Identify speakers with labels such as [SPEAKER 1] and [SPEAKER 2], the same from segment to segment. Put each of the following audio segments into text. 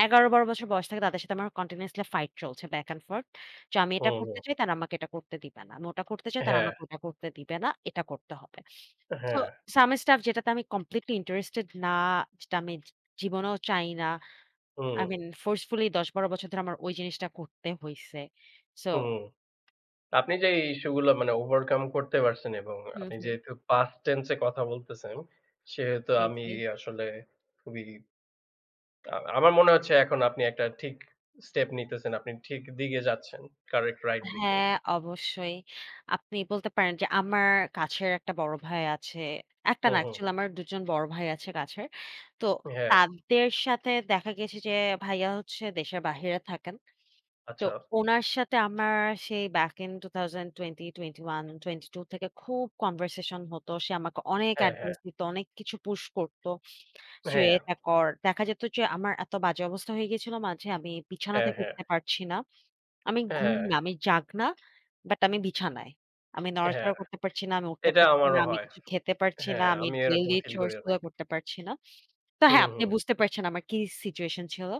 [SPEAKER 1] ১১-১২ বছর বয়স থেকে তাদের সাথে আমার continuously fight চলছে বাক অ্যান্ড ফর্থ। তো আমি এটা
[SPEAKER 2] হুম,
[SPEAKER 1] করতে
[SPEAKER 2] হুম।
[SPEAKER 1] চাই তারা আমাকে এটা করতে দিবে না। আমি ওটা করতে চাই তারা
[SPEAKER 2] হ্যাঁ।
[SPEAKER 1] আমাকে ওটা করতে দিবে না। এটা করতে হবে। so
[SPEAKER 2] হ্যাঁ।
[SPEAKER 1] some stuff যেটাতে আমি completely interested না, যেটা আমি জি জীবনেও চাই না।
[SPEAKER 2] হু,
[SPEAKER 1] I
[SPEAKER 2] হুম।
[SPEAKER 1] mean forcefully ১১-১২ বছর ধরে আমার ওই জিনিসটা করতে হইছে। সো
[SPEAKER 2] হুম। আপনি যে এই ইস্যুগুলো মানে ওভারকাম করতে পারছেন এবং
[SPEAKER 1] হুম,
[SPEAKER 2] আপনি
[SPEAKER 1] হুম।
[SPEAKER 2] যেহেতু পাস্ট টেন্স এ কথা বলতেছেন। সেহেতু
[SPEAKER 1] জ্বি,
[SPEAKER 2] আমি
[SPEAKER 1] জ্বি।
[SPEAKER 2] আসলে খুবই আ আমার মনে হচ্ছে এখন আপনি একটা ঠিক স্টেপ নিতেছেন। আপনি ঠিক দিকে যাচ্ছেন। কারেক্ট রাইট দিকে।
[SPEAKER 1] হ্যাঁ, অবশ্যই। আপনি বলতে পারেন যে, আমার কাছের একটা বড় ভাই আছে। একটা
[SPEAKER 2] হুম,
[SPEAKER 1] না
[SPEAKER 2] হুম।
[SPEAKER 1] অ্যাকচুয়ালি আমার দুজন বড় ভাই আছে কাছের। তো
[SPEAKER 2] হ্যাঁ।
[SPEAKER 1] তাদের সাথে দেখা গেছে যে ভাইয়া হচ্ছে দেশের বাহিরে থাকেন। তো
[SPEAKER 2] আচ্ছা।
[SPEAKER 1] উনার সাথে আমার সেই বেক ইন ২০২০-২১, ২০২২ থেকে খুব কনভারসেশন হতো। সে আমাকে অনেক
[SPEAKER 2] হ্যাঁ, হ্যাঁ।
[SPEAKER 1] অ্যাডভাইস দিত, অনেক কিছু পুশ করত। তুই
[SPEAKER 2] হ্যাঁ।
[SPEAKER 1] এটা কর দেখা যেত যে, আমার এত বাজে অবস্থা হয়ে গিয়েছিলো মাঝে আমি বিছানা
[SPEAKER 2] হ্যাঁ,
[SPEAKER 1] থেকে
[SPEAKER 2] হ্যাঁ।
[SPEAKER 1] উঠতে পারছি না। আমি ঘুম
[SPEAKER 2] হ্যাঁ।
[SPEAKER 1] না, আমি জাগ্না, বাট আমি বিছানায়। আমি
[SPEAKER 2] হ্যাঁ।
[SPEAKER 1] নড়াচড়া করতে পারছি না, আমি উঠতে
[SPEAKER 2] এটা
[SPEAKER 1] পারছি না।
[SPEAKER 2] আমারও
[SPEAKER 1] আমি
[SPEAKER 2] হয়।
[SPEAKER 1] কিছু খেতে পারছি না।
[SPEAKER 2] হ্যাঁ,
[SPEAKER 1] আমি
[SPEAKER 2] আমিও এরকম
[SPEAKER 1] ডেইলি
[SPEAKER 2] ফিল করি
[SPEAKER 1] চরস গুলো
[SPEAKER 2] অনেক।
[SPEAKER 1] করতে পারছি না। তো,
[SPEAKER 2] হুম,
[SPEAKER 1] হ্যাঁ, আপনি
[SPEAKER 2] হুম।
[SPEAKER 1] বুঝতে পারছেন আমার কি সিচুয়েশন ছিল।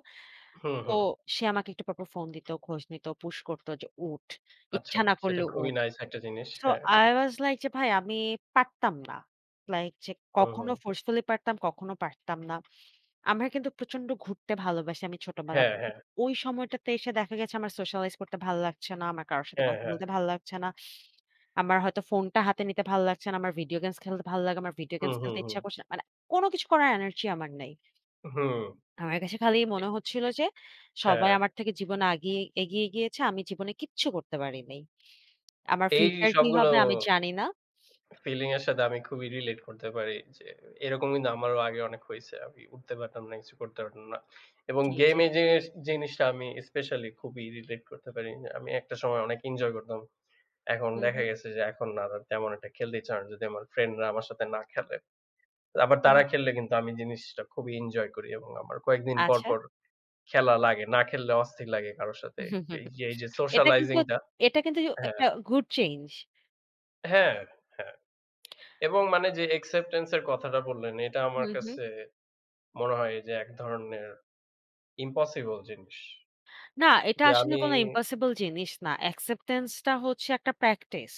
[SPEAKER 2] হুম,
[SPEAKER 1] তো
[SPEAKER 2] হুম।
[SPEAKER 1] সে আমাকে একটু পরপর ফোন দিত, খোঁজ নিত, পুশ করত যে উঠ।
[SPEAKER 2] আচ্ছা।
[SPEAKER 1] ইচ্ছা না
[SPEAKER 2] সেটা
[SPEAKER 1] করলেও
[SPEAKER 2] খুবই
[SPEAKER 1] উঠ।
[SPEAKER 2] নাইস একটা জিনিস।
[SPEAKER 1] so
[SPEAKER 2] হ্যাঁ।
[SPEAKER 1] I was like যে, ভাই আমি পারতাম না। লাইক যে
[SPEAKER 2] হুম,
[SPEAKER 1] কখনো
[SPEAKER 2] হুম।
[SPEAKER 1] ফোর্সফুলি পারতাম, কখনো পারতাম না। আমি কিন্তু প্রচন্ড ঘুরতে ভালোবাসি আমি ছোটবেলা
[SPEAKER 2] হ্যাঁ,
[SPEAKER 1] থেকে।
[SPEAKER 2] হ্যাঁ।
[SPEAKER 1] [unintelligible] ওই সময়টাতে এসে দেখা গেছে আমার সোশ্যালাইজ করতে ভালো লাগছে না। আমার কারো সাথে
[SPEAKER 2] হ্যাঁ,
[SPEAKER 1] কথা
[SPEAKER 2] হ্যাঁ।
[SPEAKER 1] বলতে ভাল লাগছে না। আমার হয়তো ফোনটা হাতে নিতে ভাল লাগছে না। আমার ভিডিও গেমস খেলতে ভালো লাগে। আমার ভিডিও
[SPEAKER 2] হুম,
[SPEAKER 1] গেমস
[SPEAKER 2] হুম,
[SPEAKER 1] খেলতে
[SPEAKER 2] হুম।
[SPEAKER 1] ইচ্ছা করছে না। মানে কোন কিছু করার এনার্জি আমার নেই।
[SPEAKER 2] হুম।
[SPEAKER 1] আমার কাছে খালি
[SPEAKER 2] এ
[SPEAKER 1] মনে হচ্ছিল
[SPEAKER 2] এ
[SPEAKER 1] যে,
[SPEAKER 2] হ্যাঁ।
[SPEAKER 1] সবাই আমার থেকে জীবনে আগিয়ে এগিয়ে গিয়েছে। আমি জীবনে কিচ্ছু করতে পারি নাই। আমার
[SPEAKER 2] এই
[SPEAKER 1] ফিউচার কি
[SPEAKER 2] সবগুলো
[SPEAKER 1] হবে আমি জানি না।
[SPEAKER 2] ফিলিং এর সাথে আমি খুবই রিলেট করতে পারি। যে এরকম কিন্তু আমারও আগে অনেক হইছে। আমি উঠতে পারতাম না, কিছু করতে পারতাম না। এবং
[SPEAKER 1] জ্বি,
[SPEAKER 2] গেম
[SPEAKER 1] জ্বি।
[SPEAKER 2] এ যেস জিনিসটা আমি স্পেশিয়ালি খুবই রিলেট করতে পারি না। আমি একটা সময় অনেক ইঞ্জয় করতাম। এখন
[SPEAKER 1] হুম,
[SPEAKER 2] দেখা
[SPEAKER 1] হুম।
[SPEAKER 2] গেছে যে, এখন না তেমন একটা খেলতে এচ্ছে করে না যদি আমার ফ্রেন্ড রা আমার সাথে না খেলে। আবার তারা
[SPEAKER 1] হুম।
[SPEAKER 2] খেললে কিন্তু আমি জিনিসটা খুবই ইঞ্জয় করি এবং আমার কয়েকদিন পর,
[SPEAKER 1] আচ্ছা।
[SPEAKER 2] পর, খেলা লাগে। না খেললে অস্থির লাগে কারো সাথে। এই যে এই যে
[SPEAKER 1] এটা কিন্তু
[SPEAKER 2] সোশ্যালাইজিং টা
[SPEAKER 1] এটা কিন্তু
[SPEAKER 2] হ্যাঁ।
[SPEAKER 1] একটা গুড চেইঞ্জ।
[SPEAKER 2] হ্যাঁ, হ্যাঁ। এবং মানে যে অ্যাকসেপ্টেন্স এর কথাটা বললেন এটা
[SPEAKER 1] হু,
[SPEAKER 2] আমার
[SPEAKER 1] হু।
[SPEAKER 2] কাছে মনে হয় যে এক ধরনের ইম্পসিবল জিনিস।
[SPEAKER 1] না, এটা
[SPEAKER 2] যে
[SPEAKER 1] আসলে
[SPEAKER 2] আমি
[SPEAKER 1] কোন ইম্পসিবল জিনিস না। অ্যাকসেপ্টেন্স টা হচ্ছে একটা প্র্যাকটিস।